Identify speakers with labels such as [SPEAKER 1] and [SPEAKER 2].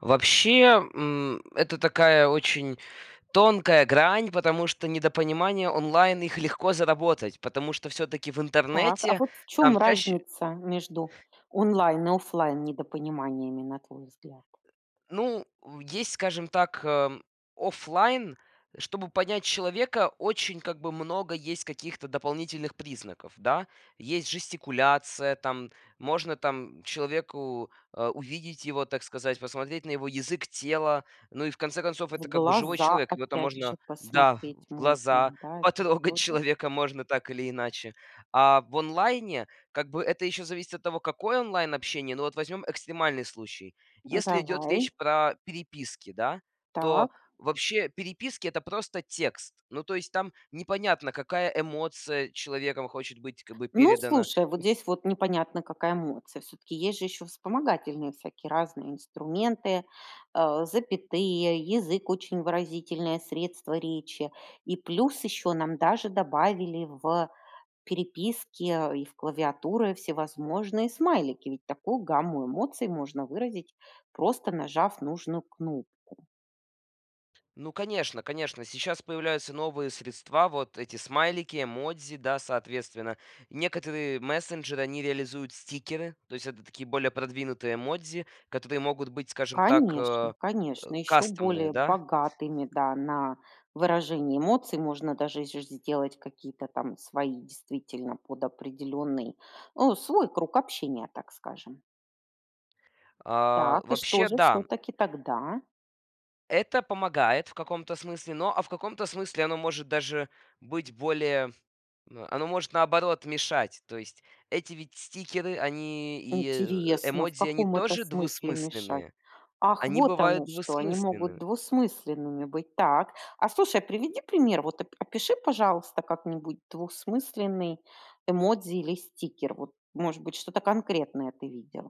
[SPEAKER 1] Вообще, м, это такая очень тонкая грань, потому что недопонимания онлайн, их легко заработать, потому что всё-таки в
[SPEAKER 2] Так, а
[SPEAKER 1] интернете
[SPEAKER 2] вот в
[SPEAKER 1] там
[SPEAKER 2] чём
[SPEAKER 1] чаще
[SPEAKER 2] разница между онлайн и оффлайн недопониманиями, на твой взгляд?
[SPEAKER 1] Ну, у есть, скажем так, эм, офлайн. Чтобы понять человека, очень, как бы, много есть каких-то дополнительных признаков, да? Есть жестикуляция, там можно, там, человеку, а, увидеть его, так сказать, посмотреть на его язык тела. Ну и в конце концов,
[SPEAKER 2] В
[SPEAKER 1] это, как бы, живой
[SPEAKER 2] глаза,
[SPEAKER 1] человек. Его там
[SPEAKER 2] опять же,
[SPEAKER 1] можно, да, в
[SPEAKER 2] посмотреть
[SPEAKER 1] в глаза,
[SPEAKER 2] можно, да, это же
[SPEAKER 1] потрогать
[SPEAKER 2] тоже
[SPEAKER 1] человека можно так или иначе. А в онлайне, как бы, это ещё зависит от того, какое онлайн-общение. Ну вот возьмём экстремальный случай.
[SPEAKER 2] М,
[SPEAKER 1] Если идёт
[SPEAKER 2] давай.
[SPEAKER 1] речь про переписки, да, то
[SPEAKER 2] Так.
[SPEAKER 1] вообще переписки- это просто текст. Ну то есть там непонятно, какая эмоция человеком хочет быть, как бы,
[SPEAKER 2] Ну,
[SPEAKER 1] передана.
[SPEAKER 2] слушай, вот
[SPEAKER 1] М.
[SPEAKER 2] здесь вот непонятно, какая эмоция. Всё-таки есть же ещё вспомогательные всякие разные инструменты, э, запятые. Язык- очень выразительное средство речи. И плюс ещё нам даже добавили в переписке и в клавиатуры всевозможные смайлики. Ведь такую гамму эмоций можно выразить, просто нажав нужную кнопку.
[SPEAKER 1] Ну, конечно конечно, сейчас появляются новые средства. Вот эти смайлики, эмодзи, да, соответственно, некоторые мессенджеры, они реализуют стикеры. То есть это такие более продвинутые эмодзи, которые могут быть, скажем так,
[SPEAKER 2] Конечно,
[SPEAKER 1] э, э,
[SPEAKER 2] конечно. Ещё
[SPEAKER 1] кастомные,
[SPEAKER 2] более
[SPEAKER 1] да?
[SPEAKER 2] богатыми, да, на выражение эмоций можно даже и же сделать какие-то там свои, действительно, под определённый, о, свой круг общения, так скажем.
[SPEAKER 1] А,
[SPEAKER 2] Так, и что
[SPEAKER 1] вообще,
[SPEAKER 2] же
[SPEAKER 1] да, м.
[SPEAKER 2] всё-таки тогда?
[SPEAKER 1] Это помогает в каком-то смысле, но а в каком-то смысле оно может даже быть более но оно может, наоборот, мешать. То есть эти ведь стикеры, они и, э,
[SPEAKER 2] Интересно, в
[SPEAKER 1] эмодзи, они
[SPEAKER 2] каком это
[SPEAKER 1] тоже
[SPEAKER 2] смысле мешать?
[SPEAKER 1] двусмысленные.
[SPEAKER 2] Ах,
[SPEAKER 1] Они
[SPEAKER 2] вот
[SPEAKER 1] бывают
[SPEAKER 2] оно что! Они могут
[SPEAKER 1] двусмысленные.
[SPEAKER 2] двусмысленными быть. Так. А, слушай, приведи пример. Вот, оп опиши, пожалуйста, как-нибудь двухсмысленный эмодзи или стикер. Вот, может быть, что-то конкретное ты видел.